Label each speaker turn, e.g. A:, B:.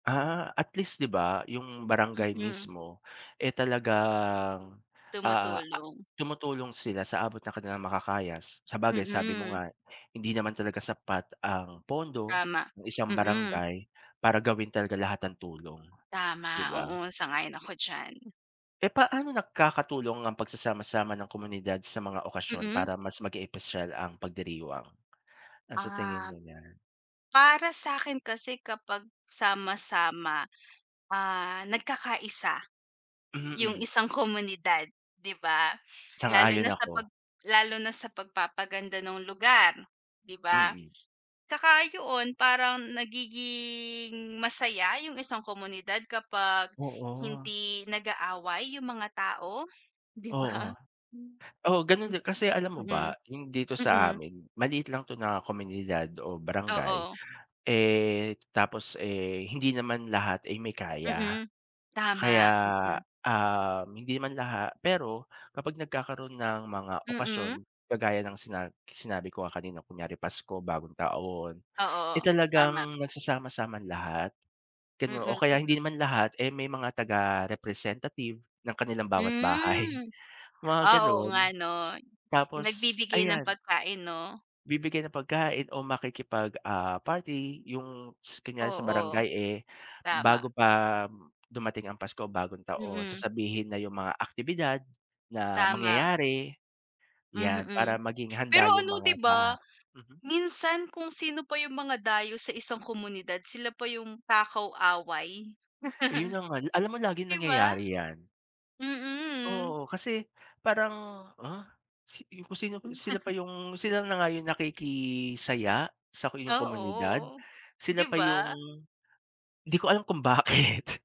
A: Ah, at least 'di ba 'yung barangay
B: Mm.
A: mismo, eh, talagang, ah,
B: Tumutulong.
A: tumutulong sila sa abot ng kanilang makakaya s sabagay sabi mo
B: Mm.
A: nga hindi naman talaga sapat ang pondo
B: Tama,
A: ng isang
B: mm.
A: barangay para gawin talaga lahat ng tulong, 'di
B: Tama,
A: ba?
B: oo. Sang-ayon ako diyan.
A: Eh, paano nakakatulong ang pagsasama-sama ng komunidad sa mga okasyon
B: Mm.
A: para mas maging espesyal ang pagdiriwang? Ano sa tingin
B: Um,
A: mo niyan?
B: para sa'kin kasi kapag sama-sama, ah, nagkakaisa 'yung
A: Mm.
B: isang komunidad, 'di ba? Lalo
A: Sang-ayon
B: na sa
A: ako.
B: 'pag lalo na sa pagpapaganda ng lugar, 'di ba?
A: Mm.
B: Tsaka 'yon parang nagiging masaya 'yung isang komunidad kapag
A: Oo.
B: hindi nag-aaway 'yung mga tao, 'di
A: Oo.
B: ba? Hmm,
A: Oo, gano'n din, kasi alam mo ba 'yung dito
B: mm,
A: sa
B: mm.
A: amin maliit lang 'to na komunidad o barangay,
B: Oo.
A: eh, tapos, eh, hindi naman lahat ay may kaya.
B: Mm,
A: Kaya,
B: tama, mm.
A: um, hindi naman laha pero kapag nagkakaroon ng mga okasyon,
B: Mm.
A: kagaya ng sina sinabi ko nga kanina kunyari Pasko, Bagong taon, eh,
B: Oo, tama.
A: talagang nagsasama-sama lahat, gano o
B: Mm,
A: kaya hindi
B: mm.
A: naman lahat, eh, may mga taga-representative ng kanilang bawat bahay
B: Hmm,
A: mga
B: ah, oo nga,
A: gano'n.
B: 'no, 'yung
A: Tapos
B: nagbibigay ng
A: ayan.
B: pagkain 'no.
A: Bibigay ng pagkain o makikipag, ah, party 'yung s kunyari sa
B: Oo.
A: barangay, eh,
B: Tama.
A: bago pa dumating ang Pasko o Bagong taon,
B: Mm.
A: sasabihin na 'yung mga aktibidad na
B: Tama.
A: mangyayari 'yan,
B: Mhm.
A: para maging
B: Pero
A: handa 'yung
B: ano 'di
A: mga ba
B: ba,
A: mhm.
B: minsan kung sino pa 'yung mga dayo sa isang komunidad sila pa 'yung takaw-away.
A: Ayun ang al alam mo laging
B: 'Di ba?
A: nangyayari 'yan.
B: Mm.
A: Oo, kasi parang, ah, si ku si sino pa 'yung sila na nga 'yung nakikisaya sa inyong komunidad,
B: Oo,
A: sila
B: 'di
A: pa 'yung
B: ba?
A: 'di ko alam kung bakit.